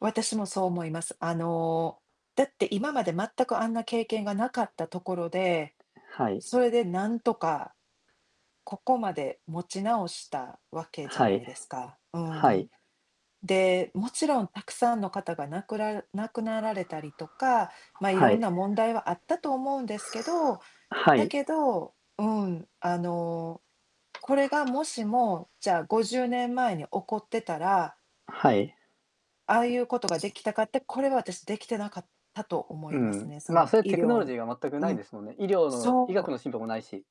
私もそう思います。あの、だって今まで全くあんな経験がなかったところで、はい。それでなんとか、ここまで持ち直したわけじゃはない。いですか。うーはん。い。で、もちろんたくさんの方が亡くら亡くなられたりとか、ま、いはろんい。な問題はあったと思うんですけど、はだい。けどうん、あの、これがもしも、じゃあ、50年前に起こってたらはい。ああいうことができたかって、これは私、できてなかったと思ういますん、ね、そま、のそういう医テクノロジ療ーが全くなういん、ですもんね。医療の医そ学う。の進歩もないし。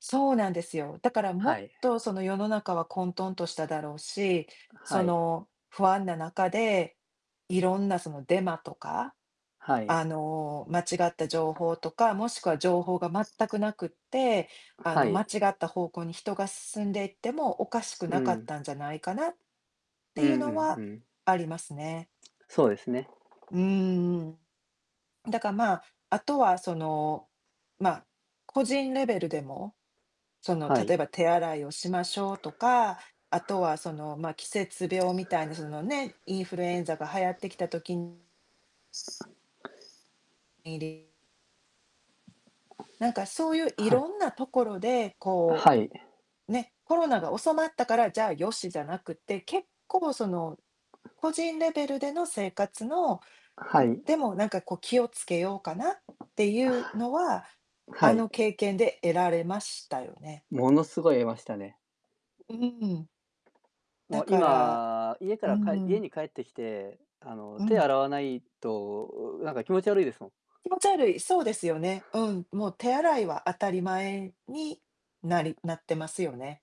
そうなんですよ。だからもはっい。と、その、世の中は混沌としただろうし、そはい。の、不安な中で、いろんな、その、デマとか、はあい。の、間違った情報とか、もしくは情報が全くなくって、あはの、間い。違った方向に人が進んでいっても、おかしくうなかっん。たんじゃないかなっうていうんうのんうはん。ありますね。そうですね。うーん。だか、まあ、あとは、その、ま、個人レベルでも、その、は例い。えば手洗いをしましょうとか、あとは、その、ま、季節病みたいなそのね、インフルエンザが流行ってきた時にりなんか、そういう、いはい。ろんなところで、こはい。う、ね、コロナが収まったから、じゃあ、よし、じゃなくて、結構その個人レベルでの生活の、はん、い。でも、なんか、こう、気をつけようかなっあていうのは、あ、はあい。の経験で得られましたよね。ものすごい得ましたね。うーん。もだうから今、家かうーらかえ家ん。に帰ってきて、あの、う手ん。洗わないと、うなんか気持ち悪いですもん。気持ち悪い、そうですよね。うん、もう手洗いは当たり前になりなってますよね。